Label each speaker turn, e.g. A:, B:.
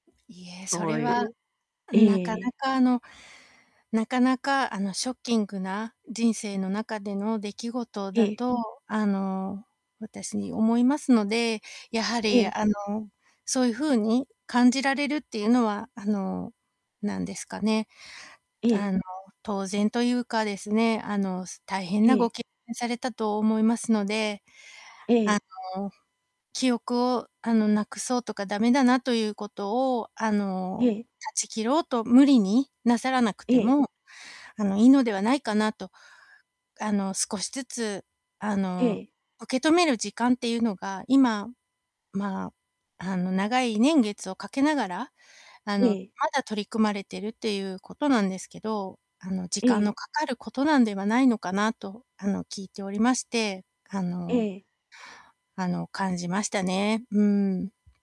A: いえ、そ
B: そ
A: れ
B: うい
A: は
B: え、
A: なかな
B: ええ。
A: かあのなかなかあの、ショッキングな人生の中での出来事
B: え
A: だ
B: え。
A: とあの、私に思いますので、やは
B: え
A: り
B: え。
A: あの、そういうふうに感じられるっていうのはあの何ですかね。
B: え
A: あ
B: え。
A: の、当然というかですね、あの、す大変
B: え
A: なご
B: え。
A: けんされたと思いますので、あ
B: え
A: の、
B: え。
A: 記憶をあの、なくそうとか駄目だなということをあ
B: え
A: の、
B: え。
A: 断ち切ろうと無理になさらなくて
B: ええ。
A: もあの、いいのではないかなと。あの、少しずつあの、
B: ええ。
A: 受け止める時間っていうのが今ま、あの、長い年月をかけながら、あの、ま
B: ええ。
A: だ取り組まれているっていうことなんですけど、あの時
B: え
A: 間
B: え。
A: のかかることなんではないのかなとあの、聞いておりまして、あ
B: え
A: の
B: え。
A: あの感じましたね。うん。